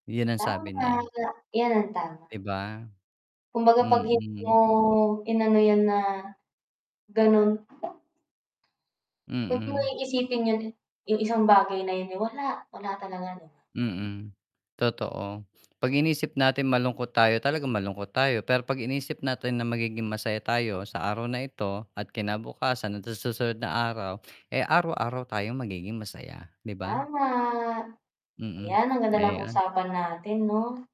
Yun ang sabi Tama niya. ya yan, tama, 'Di 'di ba? ba? Kumbaga pag hindi Mm. mo inano yan na, ganun. Wag mo Mm. iisipin yun. Yung isang bagay na yun, eh, wala, wala talaga 'no. Mm, totoo pag inisip natin malungkot tayo talaga malungkot tayo, pero pag iniisip natin na magiging masaya tayo sa araw na ito at kinabukasan at sa susunod na araw, eh araw-araw tayong magiging masaya 'di ba? Tama. Mm, Ayan ang ganda ng ayan. usapan natin 'no.